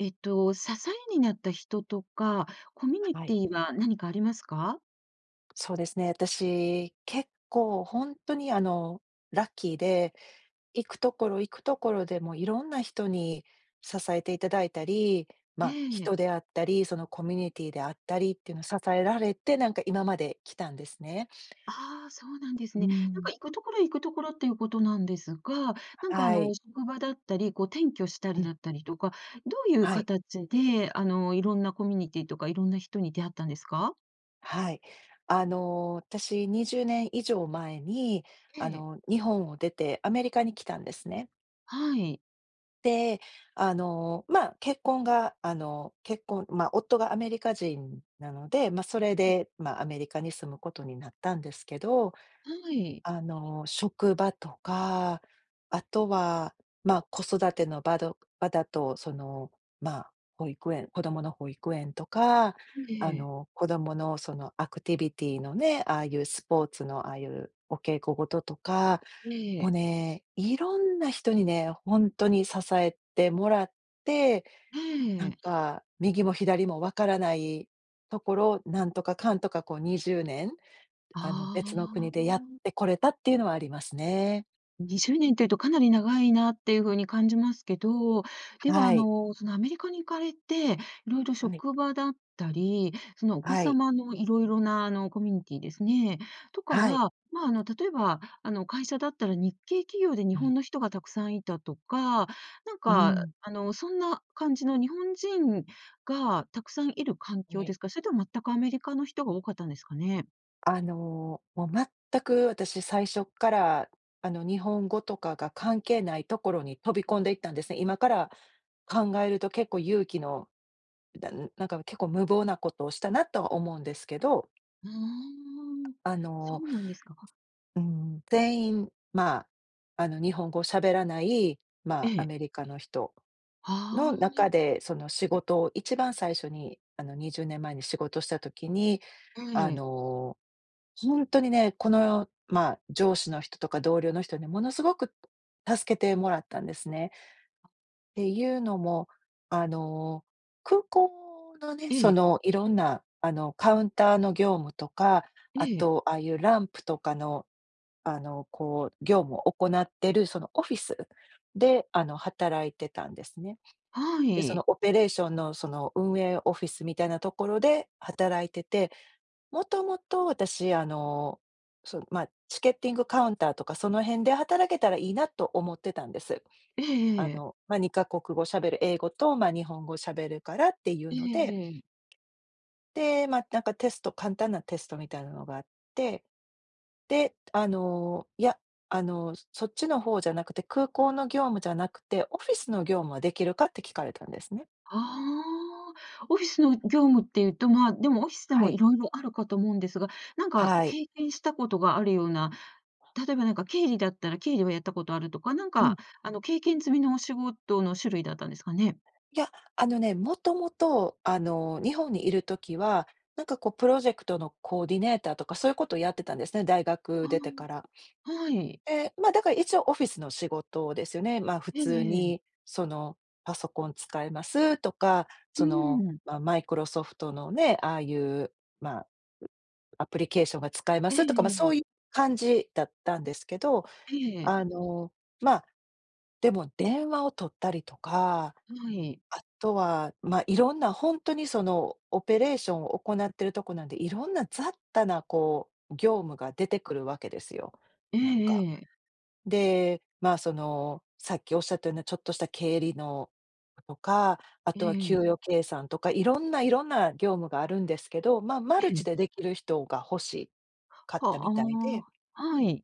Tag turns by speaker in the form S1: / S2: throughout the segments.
S1: えっと支えになった人とか、コミュニ
S2: は
S1: テ
S2: い。
S1: ィーは何かありますか？
S2: そうですね、私、結構ほんとにあのラッキーで、行くところ行くところで、もう色んな人に支えて頂いたり、
S1: え
S2: ま、
S1: え。
S2: 人であったり、そのコミュニティーであったりっていうのを支えられて、なんか今まで来たんですね。
S1: ああ、そうなんです
S2: うー
S1: ね。なん
S2: ん。
S1: か行くところ行くところっていうことなんですが、なんかあ
S2: は
S1: の
S2: い。
S1: 職場だったり、こう、転居した
S2: う
S1: り
S2: ん。
S1: だったりとか、どういう
S2: はい。
S1: 形であの色んなコミュニティとか、いろんな人に出会ったんですか？
S2: はい。あの私20年以上前に、あ
S1: ええ。
S2: の日本を出て、アメリカに来たんですね。
S1: はい。
S2: で、あの、まあ、結婚があの、結婚まあ、夫がアメリカ人なので、まあそれ
S1: ええ。
S2: で、まあアメリカに住むことになったんですけど。
S1: はい。
S2: あの職場とか、あとは、まあ子育ての場ど場だと、その、まあ保育園子供の保育園とか、
S1: ん、え
S2: あ
S1: え。
S2: の子供のそのアクティビティのね、ああいうスポーツのああいうお稽古事とか、
S1: え
S2: もう
S1: え。
S2: ね、色んな人にね、ほんとに支えてもらって、
S1: え
S2: なん
S1: え。
S2: か右も左も分からないところ、なんとかかんとかこう20年、あの別の
S1: あ
S2: 国でやっ
S1: あ。
S2: てこれたっていうのはありますね。
S1: 20年っていうと、かなり長いなっていう風に感じますけど、では、
S2: は
S1: あ
S2: い。
S1: の、その、アメリカに行かれて、色々、
S2: はい。
S1: 職場だったり、その、お子
S2: はい。
S1: 様の色々な、あの、コミュニティーですね、とか
S2: はい。
S1: は、ま、あの、例えば、あの、会社だったら日系企業で日
S2: うん。
S1: 本の人がたくさんいたとか、なん
S2: うー
S1: か、
S2: ん。
S1: あの、そんな感じの日本人がたくさんいる環
S2: ん、
S1: 境で
S2: え。
S1: すか？それとも全くアメリカの人が多かったんですかね？
S2: あの、もう、全く私最初っから、あの、日本語とかが関係ないところに飛び込んでいったんですね。今から考えると結構勇気のだんなんか、結構無謀なことをしたなとは思うんですけど。
S1: ああ、
S2: あ
S1: そ
S2: の
S1: うなんですか。
S2: うん、てんいん、ま、あの、日本語を喋らない、
S1: え
S2: ま、ア
S1: え。
S2: メリカの人
S1: は
S2: の
S1: あ、ん。
S2: 中で、その、仕事を一番最初に、あの、20年前に仕事した時に、
S1: は
S2: あ
S1: え。
S2: の、ほんとにね、この、ま、上司の人とか同僚の人に、ものすごく、助けてもらったんですね。っていうのも、あの、空港のね、
S1: え
S2: そ
S1: え。
S2: の、色んな、あの、カウンターの業務とか、あ
S1: ええ。
S2: と、ああいうランプとかの、あの、こう業務を行ってる、その、オフィスで、あの、働いてたんですね。
S1: は
S2: で、そ
S1: い。
S2: の、オペレーションの、その、運営オフィスみたいなところで働いてて、もともと私、あの、そ、ま、チケッティングカウンターとか、その辺で働けたらいいなと思ってたんです。
S1: え
S2: あ
S1: えええ。
S2: の、ま、2か国語喋る、英語と、ま、日本語喋るからっていう
S1: ええ
S2: ので。
S1: ええ。
S2: で、ま、なんか、テスト簡単なテストみたいなのがあって。で、あの、いや、あの、そそっちの方じゃなくて、空港の業務じゃなくて、オフィスの業務はできるかって聞かれたんですね。
S1: ああ、オフィスの業務っていうと、ま、でも、オフィスで
S2: は
S1: も
S2: い。
S1: 色々あるかと思うんですが、なんか、
S2: はい。
S1: 経験したことがあるような、例えば、なんか、経理だったら経理はやったことあるとか、なん
S2: うん。
S1: か、あの、経験済みのお仕事の種類だったんですかね？
S2: いや、あのね、元々、あの、日本にいる時は、なんか、こう、プロジェクトのコーディネーターとか、そういうことをやってたんですね、大学
S1: あ
S2: 出てから。
S1: あ、はい。
S2: で、ま、だから、一応オフィスの仕事ですよね、ま、普
S1: ええ
S2: 通
S1: ええ。
S2: に、その、パソコン使えますとか、
S1: う
S2: その、
S1: ーん。
S2: ま、マイクロソフトのね、ああいう、ま、アプリケーションが使えま
S1: ええ
S2: すとか、ま、
S1: え
S2: そ
S1: え。
S2: うい感じだったんですけど、
S1: ええ。
S2: あの、ま、でも、電話を取ったりとか、
S1: はい。
S2: あとは、ま、色んなほんとにその、オペレーションを行ってるとこなんで、色んな雑多な、こう、業務が出てくるわけですよ、
S1: え
S2: なん
S1: え
S2: か。
S1: ええ。
S2: で、ま、その、さっきおっしゃったような、ちょっとした経理のとか、あ
S1: え
S2: とは給
S1: え。
S2: 与計算とか、色んな色んな業務があるんですけど、ま、マル
S1: え
S2: チ
S1: え。
S2: でできる人が欲しかった
S1: は、
S2: み
S1: あ
S2: たいで
S1: あ、はい。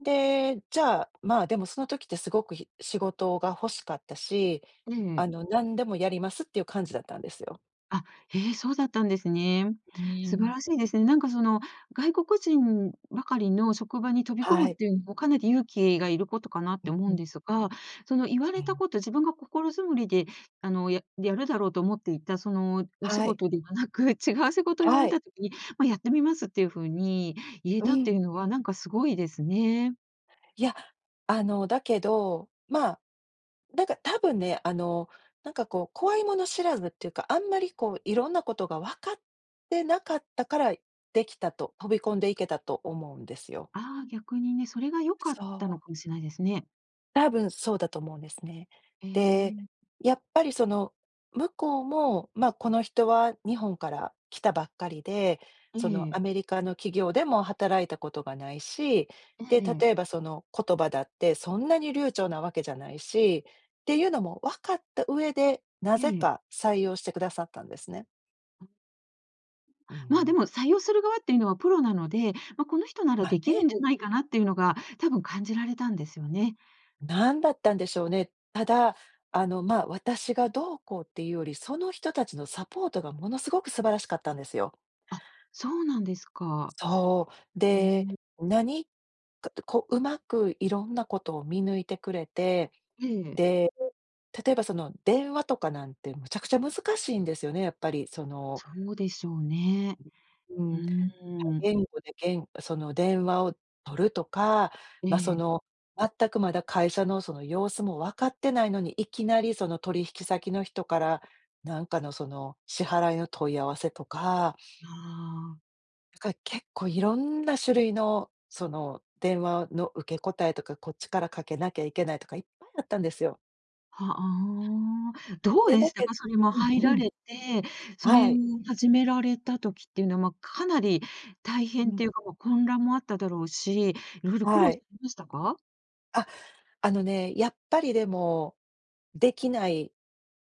S2: で、じゃあ、まあ、でもその時ってすごくひ仕事が欲しかったし、
S1: え
S2: あ
S1: え。
S2: の、何でもやりますっていう感じだったんですよ。
S1: あ、へえ、そうだったんですね。
S2: う
S1: 素晴
S2: ん。
S1: らしいですね。なんかその外国人ばかりの職場に飛び込
S2: は
S1: むっ
S2: い。
S1: ていうのもかなり勇気がいることかなっ
S2: う
S1: て
S2: ん
S1: 思う
S2: う
S1: ん
S2: ん。
S1: ですが、その言わ
S2: う
S1: れた
S2: ん。
S1: こと、自分が心づもりであの、ややるだろうと思っていた、その、お仕
S2: はい。
S1: 事ではなく、違う仕事を言わ
S2: は
S1: れ
S2: い。
S1: た時に、まあ、やってみますっていう風に言え
S2: う
S1: たって
S2: ん。
S1: いうのは、なんか凄いですね。
S2: いや、あの、だけど、まあ、なんかたぶんね、あの、なんかこう怖いもの知らずっていうか、あんまりこう色んなことが分かってなかったから、できたと、飛び込んでいけたと思うんですよ。
S1: ああ、逆にね、それが良かった
S2: そ
S1: の
S2: う。
S1: かもしれないですね。
S2: たぶんそうだと思うんですね。
S1: へえ
S2: で、
S1: ん。
S2: やっぱりその、向こうも、まあ、この人は日本から来たばっかりで、その、
S1: ええ。
S2: アメリカの企業でも働いたことがないし、
S1: え
S2: で、
S1: え。
S2: 例えばその、言葉だってそんなに流暢なわけじゃないし、ていうのも分かった上で、な
S1: え
S2: ぜ
S1: え。
S2: か採用してくださったんですね。う
S1: ま、で
S2: ん。
S1: も採用する側っていうのは、プロなので、ま、この人なら
S2: まあ、
S1: できるん
S2: ね。
S1: じゃないかな、っていうのが多分感じられたんですよね。
S2: 何だったんでしょうね。ただ、あの、ま、私がどうこうっていうより、その人たちのサポートが、ものすごく素晴らしかったんですよ。
S1: あ、そうなんですか。
S2: そう。
S1: へ
S2: で、
S1: え。
S2: 何かとこう、上手く色んなことを見抜いてくれて。
S1: ええ。
S2: で、例えばその電話とかなんて、むちゃくちゃ難しいんですよね、やっぱりその
S1: そうでしょうね。
S2: う
S1: う
S2: ん、他
S1: ーん。
S2: 言語でげんその電話を取るとか、
S1: え
S2: ま、そ
S1: え。
S2: の全くまだ、会社のその様子も分かってないのに、いきなりその、取引先の人から、何かのその、支払いの問い合わせとか
S1: ああ。
S2: から結構いろんな種類の、その電話の受け答えとか、こっちからかけなきゃいけないとか、いっぱいあったんですよ。
S1: は、あ。どう
S2: で、
S1: で
S2: だ
S1: した
S2: け
S1: か、それも入
S2: うんう
S1: ら
S2: ん。
S1: れて、それ
S2: は
S1: を
S2: い。
S1: 始められた時っていうの、ま、かなり大
S2: う
S1: 変っ
S2: ん。
S1: ていうもう混乱もあっただろうし、いろいろ苦
S2: は
S1: 労さ
S2: い。
S1: れましたか？
S2: あ、あのね、やっぱりでも、出来ない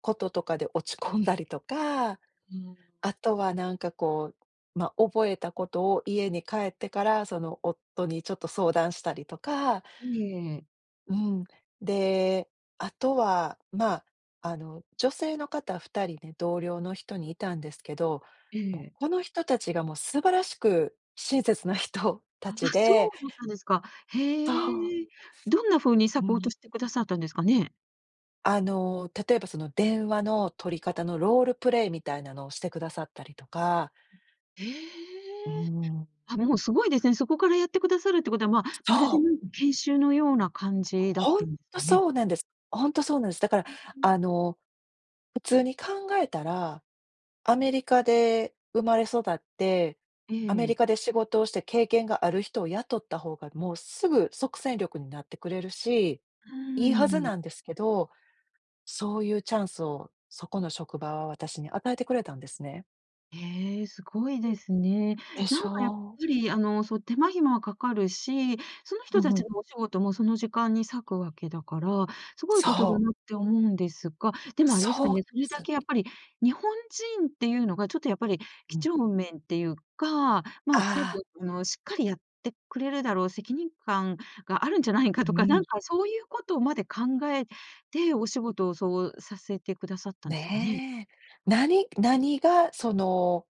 S2: こととかで、落ち込んだりとか。
S1: うん。
S2: あとはなんかこう、ま、覚えたことを家に帰ってから、その、夫にちょっと相談したりとか。
S1: いえ、ええ。
S2: うん、で、あとは、まあ、あの、女性の方2人ね、同僚の人にいたんですけど。
S1: え
S2: も、
S1: え。
S2: この人達がもう、素晴らしく親切な人
S1: あ、あ、
S2: 達
S1: そう
S2: で
S1: だったんですか。
S2: とほほ。
S1: へえ。どんな風に、サ
S2: う
S1: ポー
S2: ん。
S1: トしてくださったんですかね？
S2: あの、例えばその電話の取り方のロールプレイみたいなのをしてくださったりとか。
S1: へえ、
S2: うん。
S1: あ、もう凄いですね。そこからやってくださるってことは、まる
S2: そ
S1: で
S2: う。
S1: なんか研修のような感じだっ
S2: ほん
S1: たんです
S2: と
S1: かね。
S2: そうなんです。ほんとそうなんです。だから、
S1: うんうん。
S2: あの、普通に考えたら、アメリカで生まれ育って、
S1: え
S2: アメリ
S1: え。
S2: カで仕事をして経験がある人を雇った方がもうすぐ即戦力になってくれるし、
S1: う
S2: いいはず
S1: ん。
S2: なんですけど、そういうチャンスをそこの職場は私に与えてくれたんですね。
S1: へえ、すごいですね。
S2: で
S1: な
S2: し
S1: んかやっぱ
S2: ょう？
S1: りあの、そう手間暇はかかるし、その
S2: ふ
S1: 人
S2: んふ
S1: 達
S2: ん。
S1: のお仕事もその時間に割くわけだから、すごいこと
S2: そ
S1: だ
S2: う。
S1: なって思うんですが、でも、あれです
S2: そ
S1: か
S2: うなん
S1: ね、そ
S2: で
S1: れだ
S2: す。
S1: けやっぱり日本人っていうのがちょっとやっぱり
S2: う
S1: 几
S2: ん。
S1: 帳面っていうか、まあちょっ
S2: ああ。
S1: とあのしっかりやってくれるだろう、責任感があるんじゃないか
S2: う
S1: とか、な
S2: ん。
S1: んかそういうことまで考えて、お仕事をそうさせてくださったんですかね？
S2: ねえ、何何がその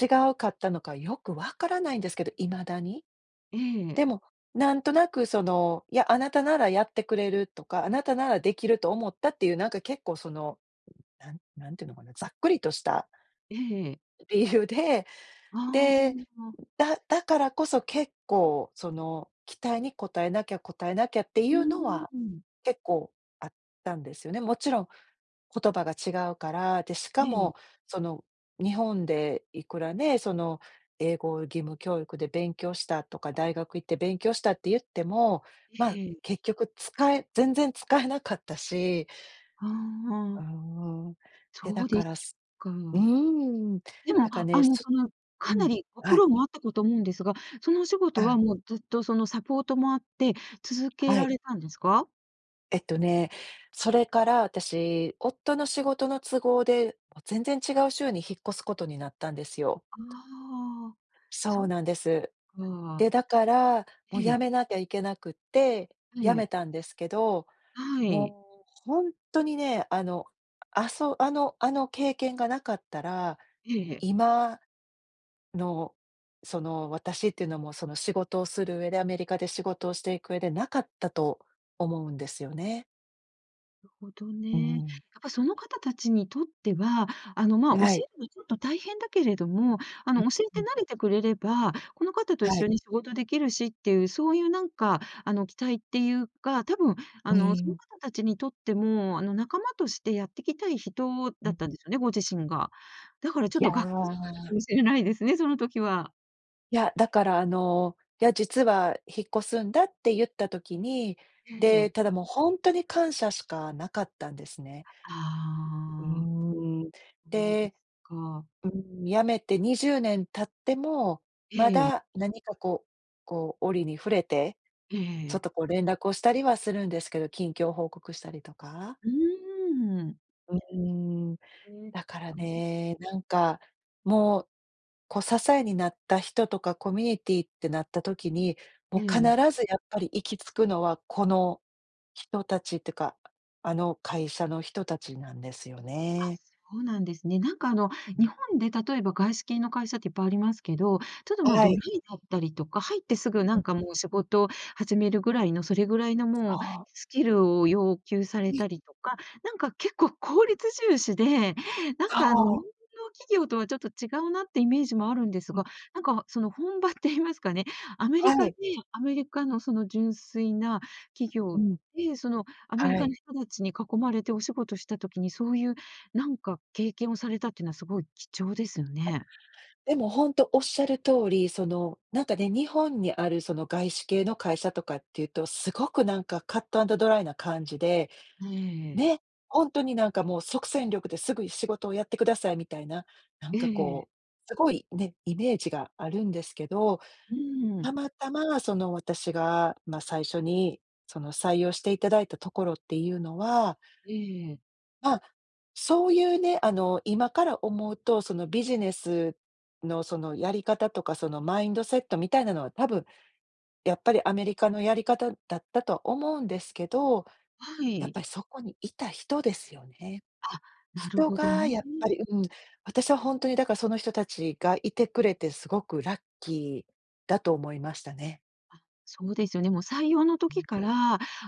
S2: 違うかったのかよく分からないんですけど、未だに。
S1: ええ。
S2: でも、なんとなくその、いや「あなたならやってくれる」とか「あなたなら出来ると思った」っていうなんか結構そのなん何て言うのかな、ざっくりとした
S1: ええ。
S2: 理由で、
S1: あ
S2: で、
S1: あ。あ。
S2: だだからこそ結構その期待に応えなきゃ、応えなきゃっていうの
S1: う、
S2: は、
S1: うん。
S2: 結構あったんですよね。もちろん言葉が違うから、で、し
S1: え
S2: か
S1: え。
S2: も、その日本でいくらね、その英語義務教育で勉強したとか、大学行って勉強したって言っても、まあ
S1: ええ。
S2: 結局使え全然使えなかったし
S1: は、
S2: う
S1: あ。
S2: んうん、で、
S1: そ
S2: だ
S1: うで
S2: から、
S1: す
S2: す
S1: か。
S2: うん、
S1: でも、
S2: だから
S1: あ
S2: ね、
S1: の
S2: す
S1: その
S2: う
S1: かな
S2: ん、
S1: りご
S2: は
S1: 苦
S2: い。
S1: 労もあったかと思うんですが、そのお仕事
S2: は
S1: は
S2: い。
S1: もうずっとそのサポートもあって、続け
S2: は
S1: ら
S2: い。
S1: れたんですか？
S2: えっとね、それから、私、夫の仕事の都合で、もう全然違う州に引っ越すことになったんですよ。
S1: ああ、
S2: そ
S1: そっ
S2: う
S1: か
S2: なんです。
S1: あ。
S2: で、だから、もう
S1: え
S2: 辞
S1: え。
S2: めなきゃいけなくって、辞
S1: ええ。
S2: めたんですけど。
S1: はい。
S2: もう、ほんとにね、あの、あそあのあの経験が無かったら、
S1: ええ、へ。
S2: 今の、その私っていうのもその仕事をする上で、アメリカで仕事をしていく上でなかったと思うんですよね。
S1: るほど
S2: う
S1: ね。やっ
S2: ん。
S1: ぱその方達にとっては、あのまあ、教
S2: は
S1: え
S2: い。
S1: るのはちょっと大変だけれども、あ
S2: う
S1: の教えて
S2: ん、うん。
S1: 慣れてくれれば、この方と一
S2: は
S1: 緒
S2: い。
S1: に仕事できるしっていう、そういうなんかあの期待っていうか、多分、
S2: う
S1: あの
S2: ー
S1: その
S2: ん。
S1: 方達にとっても、あの仲間としてやってきたい人
S2: う
S1: だっ
S2: ん。
S1: たんですよね、ご自身が。だからちょっ
S2: いや
S1: と、がっかり [unintelligible] か
S2: あ。
S1: もしれないですね、その時は。
S2: いや、だからあの「いや、実は引っ越すんだ」ってゆった時に、
S1: ええ。
S2: で、ただもうほんとに感謝しか無かったんですね。う、う
S1: ああ。
S2: ーん。
S1: そうです
S2: で
S1: か。
S2: うーん、辞めて20年経っても、ま
S1: ええ。
S2: だ何かこうこう折に触れて、ちょ
S1: え
S2: っ
S1: え。
S2: とこう連絡をしたりはするんですけれど、近況報告したりとか。
S1: うーん。
S2: うーん、
S1: ええ、
S2: だから
S1: それで？
S2: ね、なんかもう、こう支えになった人とかコミュニティーってなった時に、も
S1: え
S2: う必
S1: え。
S2: ずやっぱり行き着くのはこの人達ってか、ああの会社の人達なんですよ
S1: あ、
S2: ね。
S1: そうなんですね。なんかあの、
S2: う
S1: 日
S2: ん。
S1: 本で例えば外資系の会社っていっぱいありますけど、ちょっと、ま、
S2: は
S1: ドラ
S2: い。
S1: イだったりとか、入ってすぐな
S2: う
S1: ん
S2: ん。
S1: かもう仕事始めるぐらいの、それぐらいのもう
S2: はあ。
S1: スキルを要求され
S2: うん。
S1: たりとか、なんか結構効率重視で、なん
S2: そ
S1: かあの日本
S2: う。
S1: の企業とはちょっと違うなってイメージもあるんです
S2: うん。
S1: が、なんかその本場って言いますかね、アメ
S2: は
S1: リカで
S2: い。
S1: アメリカのその純粋な企
S2: う
S1: 業
S2: ん。
S1: で、そのアメリ
S2: は
S1: カ
S2: い。
S1: の人達に囲まれてお仕事した時に、そういうなんか経験をされたっていうのは凄い貴重ですよ
S2: あ、
S1: ね。
S2: でもほんとおっしゃる通り、そのなんかね、日本にあるその外資系の会社とかっていうと、すごくなんかカットアンドドライな感じで、
S1: ええ。
S2: ね、ほんとになんかもう即戦力ですぐに仕事をやってくださいみたいな、なん
S1: え
S2: か
S1: え。
S2: こう、すごい、ね、イメージがあるんですけど。
S1: うー
S2: た
S1: ん。
S2: またまその私が、ま、最初にその採用して頂いたところっていうのは
S1: ええ。
S2: あ、そういうね、あの今から思うと、そのビジネスのそのやり方とか、そのマインドセットみたいなのは多分、やっぱりアメリカのやり方だったと思うんですけど。
S1: は
S2: やっ
S1: い。
S2: ぱりそこにいた人ですよね。
S1: あ、なる
S2: 人
S1: ほど
S2: が
S1: ね。
S2: やっぱりうん、私はほんとにだからその人達がいてくれて凄くラッキーだと思いましたね。
S1: あっ、そうですよね。もう採用の
S2: う
S1: 時
S2: ん。
S1: から、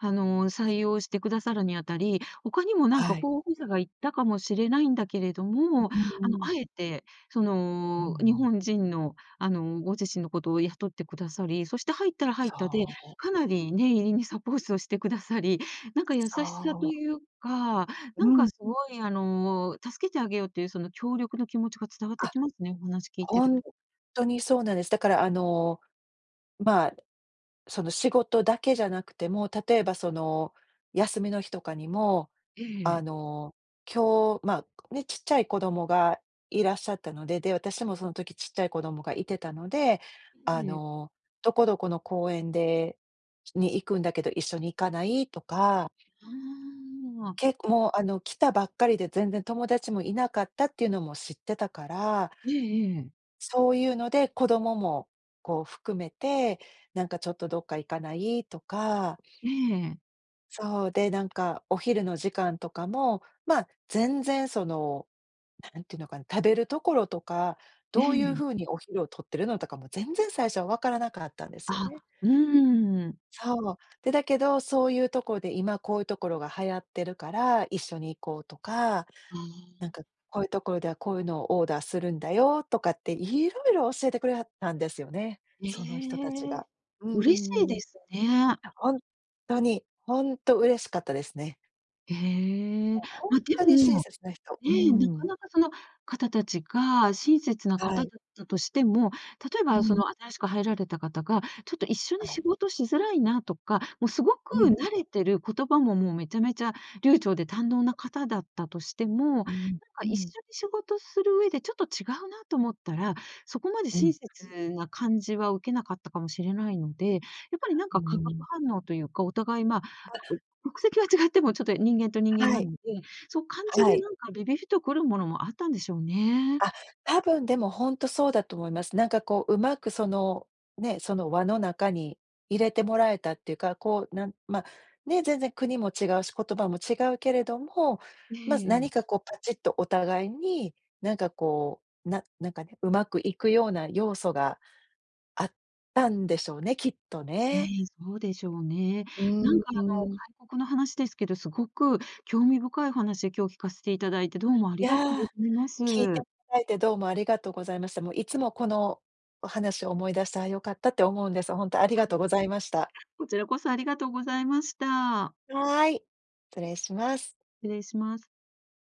S1: あの、採用してくださるにあたり、他にも何か
S2: はい。
S1: 候補者がいったかもしれないんだけれど
S2: う
S1: も、
S2: ー
S1: あの、
S2: ん。
S1: 敢えて、そ
S2: う
S1: の、日
S2: ん。
S1: 本人の、あの、ご自身のことを雇ってくださり、そして入ったら入っ
S2: そ
S1: たで、
S2: う。
S1: かなり念入りにサポートして下さり、なんか優しさと
S2: そう。
S1: いうか、な
S2: う
S1: んか
S2: ん。
S1: 凄いあの、助けてあげようっていう、その協力の気持ちが伝わって
S2: あ、
S1: きますね、お話聞いて
S2: ホ
S1: る
S2: ン
S1: と。
S2: トにそうなんです。だからあの、まあ、その、仕事だけじゃなくても、例えばその休みの日とかにも、
S1: え
S2: あ
S1: え。
S2: の、今日、ま、ね、ちっちゃい子供がいらっしゃったので、で、私もその時ちっちゃい子供がいてたので、あ
S1: ええ。
S2: の、どこどこの公園でに行くんだけど、一緒に行かない？とか
S1: はあ。
S2: けっもうあの、来たばっかりで全然友達もいなかったっていうのも知ってたから。
S1: ええええ。
S2: そういうので、子供もこう含めて、なんかちょっとどっか行かない？とか。
S1: ええ。
S2: そう、で、なんかお昼の時間とかも、まあ、全然その、なんて言うのかな、食べるところとか、
S1: え
S2: どういう
S1: え。
S2: 風にお昼を取ってるのとかも、全然最初は分からなかったんですよ
S1: あ、
S2: ね。
S1: うん。
S2: そう、で、だけど、そういうとこで今こういう所が流行ってるから、一緒に行こうとか、
S1: うー
S2: なん
S1: ん。
S2: かこういう所ではこういうのをオーダーするんだよとかって色々教えてくれはったんですよね、
S1: え
S2: その人達
S1: え、
S2: が。うんう
S1: 嬉しい
S2: んう
S1: で
S2: ん。
S1: すね。
S2: あ、ほんとに、ほんと嬉しかったですね。
S1: へえ。
S2: もうほん
S1: ま、で
S2: とに親
S1: も、
S2: 切な人、
S1: え、
S2: う
S1: なか
S2: ん。
S1: なかその方達が親切な
S2: は
S1: 方
S2: い。
S1: だったとしても、例え
S2: う
S1: ば、そ
S2: ん。
S1: の新しく入られた方が、ちょっと一緒
S2: は
S1: に
S2: い。
S1: 仕事しづらいなとか、もうすごく
S2: うん。
S1: 慣れてる、言葉ももうめちゃめちゃ流暢で堪能な方だったとしても、なん
S2: うん、
S1: か
S2: う
S1: 一
S2: ん。
S1: 緒に仕事する上でちょっと違うなと思ったら、そこまで
S2: う
S1: 親
S2: ん。
S1: 切な感じは受けなかったかもしれないので、やっぱりなん
S2: う
S1: か化学
S2: ん。
S1: 反応というか、お互い、ま、
S2: あ
S1: う国籍は違っても、ちょっと人間と人間
S2: は
S1: な
S2: い、
S1: ので、そう感じ
S2: は
S1: る
S2: い。
S1: なんかビビビと来るものもあったんでしょうね。
S2: あ、多分でもほんとそうだと思います。なんかこう上手く、その、ね、その輪の中に入れてもらえたっていうか、こうなんま、ね、全然国も違うし、言葉も違うけれども、
S1: え
S2: ま、
S1: え。
S2: 何かこうパチッとお互いに、なんかこう、ななんかね、上手くいくような要素があったんでしょうね、きっと
S1: え
S2: ね。
S1: え、そうでしょうね。
S2: う
S1: なん
S2: ん
S1: かあ
S2: う
S1: の、
S2: ん。
S1: 外国の話ですけど、凄く興味深い話、今日聞かせて頂いて、どうもあ
S2: い
S1: りがとう
S2: や、
S1: ございま
S2: 聞いてい
S1: す。
S2: ただいてどうもありがとうございました。もういつもこのお話を思い出して、「あ、良かった」って思うんです。ほんとありがとうございました。
S1: こちらこそありがとうございました。
S2: はい、失礼します。
S1: 失礼します。